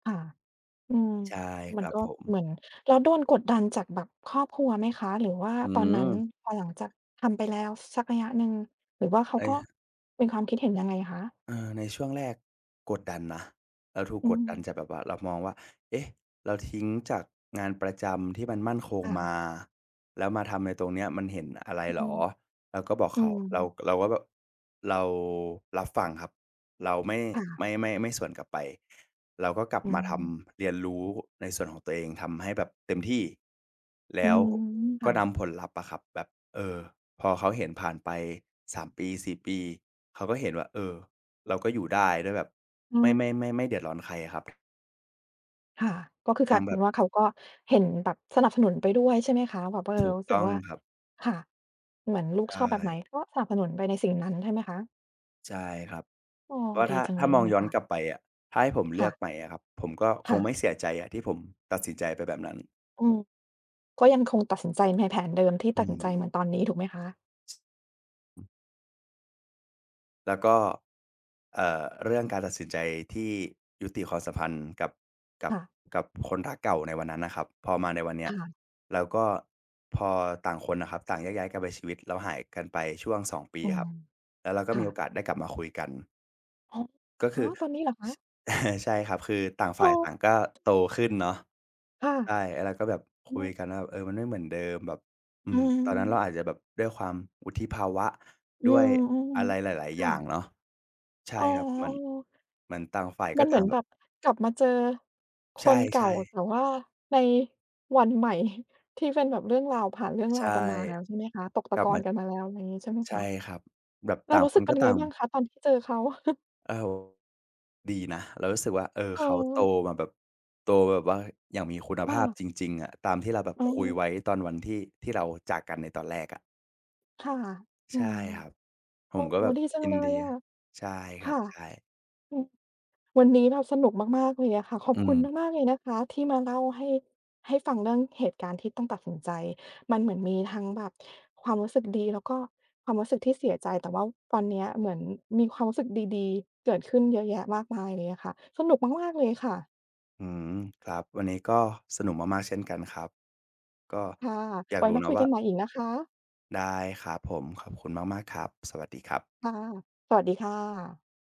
ค่ะ อืม ใช่มคัรนับก็ผม เหมือน แล้วโดนกดดันจากแบบครอบครัวไหมคะ? หรือว่าอืตอนนัม ้นพอหลังจากทำไปแล้วสักระยะหนึ่ง หรือว่าเขาไอ้ ก็ ครับ เป็นความคิดเห็นยังไงคะ? เออ ในช่วงแรกกดดันนะ เราถูกอืกดดันม จากแบบว่า เรามองว่า เอ๊ะ เราทิ้งจากงานประจำที่มันมั่นคงค่มะ า แล้วมาทำไอ้ตรงเนี้ย มันเห็นอะไรอืเหรม อ เราก็บอกอืเขา เรา ม เราก็แบบ เรารับฟังครับ เราไม่ ค่ะ ไม่ ไม่ ไม่สวนกลับไป เราก็กลับอืมาทม ำ เรียนรู้ในส่วนของตัวเอง ทำให้แบบเต็มที่ แลอื้วม คก็่นะ ำผลลัพธ์อะครับ แบบ เออ พอเขาเห็นผ่านไป 3 ปี 4 ปี เขาก็เห็นว่า เออ เราก็อยู่ได้ด้วยแบบ อืไม่ ม ไม่ ไม่ ไม่เดือดร้อนใครอะครับ ค่ะ ก็คืออยก่ลาางยเแปบ็นบ ว่า เขาก็เห็นแบบสนับสนุนไปด้วยใช่ไหมคะ? แบบว่า เอถอ ูกรู้สตึ้กองว่า ครับ ค่ะ เหมือนลูใกชชอบแบบไหน ่ ก็สนับสนุนไปในสิ่งนั้นใช่ไหมคะ? ใช่ครับ อ้อ เพราะว่าดีถ้า จังถ้เลายมอเงนี่ยย้อคน่ะ กลับไปอะ ถ้าให้ผมเคลื่อะ กใหม่อะครับ ผมก็คค่งไมะ ่เสียใจอะที่ผมตัดสินใจไปแบบนั้น อืม ก็ยังคงตัดสินใจในแผนเดิมที่อืตัดสินใจเม หมือนตอนนี้ถูกไหมคะ? แล้วก็ เอ่อ เรื่องการตัดสินใจที่ยุติความสัมพันธ์กับ กัคบ ่ะ กับคนรักเก่าในวันนั้นน่ะครับ พอมาในวันเนคี้ย ่ะ แล้วก็พอต่างคนน่ะครับ ต่างแยกย้ายกันไปชีวิต แล้วหายกันไปช่วง 2 ปีอืครม ับ แล้วเรากค็่มีโอะ กาสได้กลับมาคุยกัน โอ้ ก็คฮืะ อ ตอนนี้เหรอคช ะ? ใช่ครับ คือต่างฝอ่า้ยอ ต่างก็โตขึ้นเนาะ ค่ะ ใช่ ไอ้เราก็แบบคอืุยม กันว่า เออ มันไม่เหมือนเดิม แบบ อือืม ตอนนั้นม เราอาจจะแบบด้วยความวุฒิภาวะ อืด้วยอม ะไรหลาย ๆ คๆ อย่่างะ เนาะ ใช่อ้อ ครับ เหมือน ๆ เหมือนต่างฝ่ายกม็ันเตหม่าืองนแบแบบ บกลับมาเจอคในเก่ชา ่ ๆ แต่ว่าในวันใหม่ ที่เป็นแบบเรื่องราว ผ่านเรื่องใรชาว่ กันมาแล้วใช่ไหมคะ? ตกตกะลักบอมนา กันมาแล้ว อะไรงี้ ใช่ไหมใชค่ะ? ครับ แบบเตรา่างรู้คสึนกเป็ก็นยัตงไ่งาง บ้างคะ ตอนที่เจอเขา? โอ้โฮ ดีนะ เรารู้สึกว่า เออ เขาโตเออ มาแบบ โตแบบว่าอย่างมีคุณคภ่าพะ จริง ๆ อะ ตามที่เราแบบเคุยออ ไว้ตอนวันที่ ที่เราจากกันในตอนแรกอะ ค่ะ อใืช่ม ครับ ผโอ้มก็โฮ แบบดีจังยิเลนดี ยอะ ใช่คครั่บ ะ ใช่ อืม วันนี้เราสนุกมาก ๆ เลยอะค่ะ ขอบอืคุณม มาก ๆ เลยนะคะที่มาเล่าให้ ให้ฟังเรื่องเหตุการณ์ที่ต้องตัดสินใจ มันเหมือนมีทั้งแบบความรู้สึกดี แล้วก็ความรู้สึกที่เสียใจ แต่ว่าตอนเนี้ยเหมือนมีความรู้สึกดี ๆ เกิดขึ้นเยอะแยะมากมายเลยอะค่ะ สนุกมาก ๆ เลยค่ะ อืม ครับ วันนี้ก็สนุกมาก ๆ เช่นกันครับ ก็ค่ะ อยาไกว้รู้มาเนาคะุยวก่ัา นใหม่อีกนะคะ ได้ครับผม ขอบคุณมาก ๆ ครับ สวัสดีครับ ค่ะ สวัสดีค่ะ